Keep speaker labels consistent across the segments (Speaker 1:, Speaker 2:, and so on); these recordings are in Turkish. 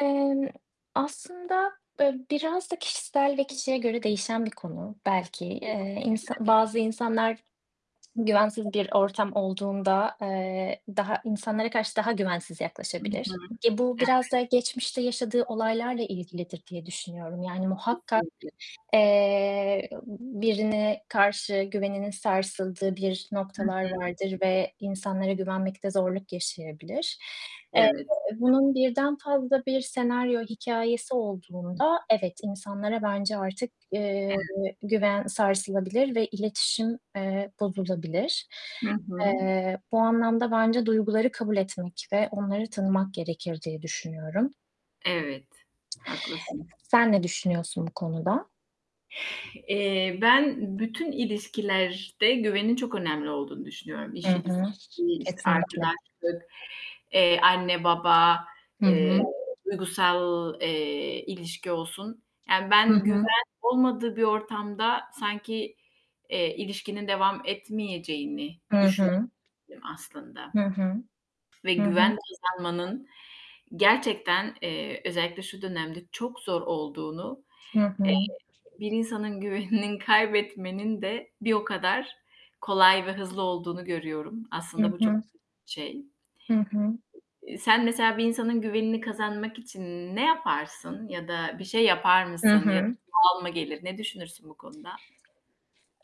Speaker 1: Emm, aslında, eee, biraz da kişisel ve kişiye göre değişen bir konu belki. Eee, insa
Speaker 2: [unintelligible]
Speaker 1: bazı insanlar güvensiz
Speaker 2: [unintelligible]
Speaker 1: bir ortam olduğunda, eee, daha insanlara karşı daha güvensiz
Speaker 2: Hı hı.
Speaker 1: yaklaşabilir. E, bu biraz da
Speaker 2: Evet.
Speaker 1: geçmişte yaşadığı olaylarla ilgilidir diye düşünüyorum. Yani, muhakkak,
Speaker 2: Kesinlikle.
Speaker 1: eee, birine karşı güveninin sarsıldığı bir
Speaker 2: Hı
Speaker 1: noktalar
Speaker 2: hı.
Speaker 1: vardır ve insanlara güvenmekte zorluk yaşayabilir. Eee,
Speaker 2: Evet.
Speaker 1: bunun birden fazla bir senaryo hikâyesi olduğunda, evet, insanlara bence artık, eee,
Speaker 2: Evet.
Speaker 1: güven sarsılabilir ve iletişim, eee, bozulabilir.
Speaker 2: Hı hı.
Speaker 1: Eee, bu anlamda bence duyguları kabul etmek ve onları tanımak gerekir diye düşünüyorum.
Speaker 2: Evet, haklısın.
Speaker 1: Sen ne düşünüyorsun bu konuda?
Speaker 2: Eee, ben bütün ilişkilerde güvenin çok önemli olduğunu düşünüyorum. İş
Speaker 1: Hı
Speaker 2: ilişkisi,
Speaker 1: hı.
Speaker 2: işte,
Speaker 1: Kesinlikle.
Speaker 2: arkadaşlık, eee, anne baba,
Speaker 1: Hı
Speaker 2: eee,
Speaker 1: hı.
Speaker 2: duygusal, eee, ilişki olsun, yani
Speaker 1: Hı
Speaker 2: ben güven
Speaker 1: hı.
Speaker 2: olmadığı bir ortamda sanki, eee, ilişkinin devam etmeyeceğini
Speaker 1: Hı
Speaker 2: düşündüm
Speaker 1: hı.
Speaker 2: aslında
Speaker 1: Hı hı.
Speaker 2: ve
Speaker 1: Hı hı.
Speaker 2: güven kazanmanın gerçekten, eee, özellikle şu dönemde çok zor olduğunu,
Speaker 1: Hı
Speaker 2: eee,
Speaker 1: hı.
Speaker 2: bir insanın güvenini kaybetmenin de bir o kadar kolay ve hızlı olduğunu görüyorum.
Speaker 1: Hı
Speaker 2: Aslında bu çok
Speaker 1: hı.
Speaker 2: şey.
Speaker 1: Hı hı.
Speaker 2: Eee, sen mesela bir insanın güvenini kazanmak için ne yaparsın ya da bir şey yapar
Speaker 1: Hı
Speaker 2: mısın ya da
Speaker 1: hı.
Speaker 2: doğal mı gelir? Ne düşünürsün bu konuda?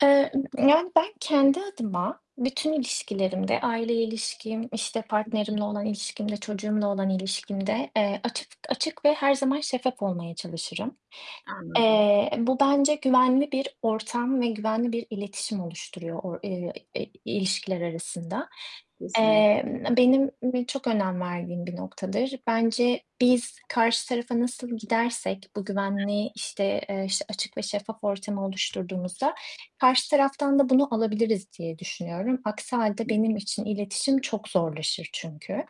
Speaker 1: Eee, ımm, yani, ben kendi adıma, bütün ilişkilerimde, aileyle ilişkim, işte
Speaker 2: Hı hı.
Speaker 1: partnerimle olan ilişkimde, çocuğumla olan ilişkimde, eee, açık açık ve her zaman şeffaf olmaya çalışırım.
Speaker 2: Anladım.
Speaker 1: Eee, bu bence güvenli bir ortam ve güvenli bir iletişim oluşturuyor o eee, ilişkiler arasında.
Speaker 2: Kesinlik
Speaker 1: Emm, benim çok önem verdiğim bir noktadır. Bence biz karşı tarafa nasıl gidersek bu
Speaker 2: [unintelligible]
Speaker 1: güvenli, işte, eee, işte açık ve şeffaf ortamı oluşturduğumuzda, karşı taraftan da bunu alabiliriz diye düşünüyorum. Aksi hâlde benim için iletişim çok zorlaşır çünkü.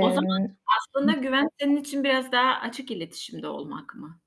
Speaker 2: O zaman aslında
Speaker 1: Hıh.
Speaker 2: güven senin için biraz daha açık iletişimde olmak mı?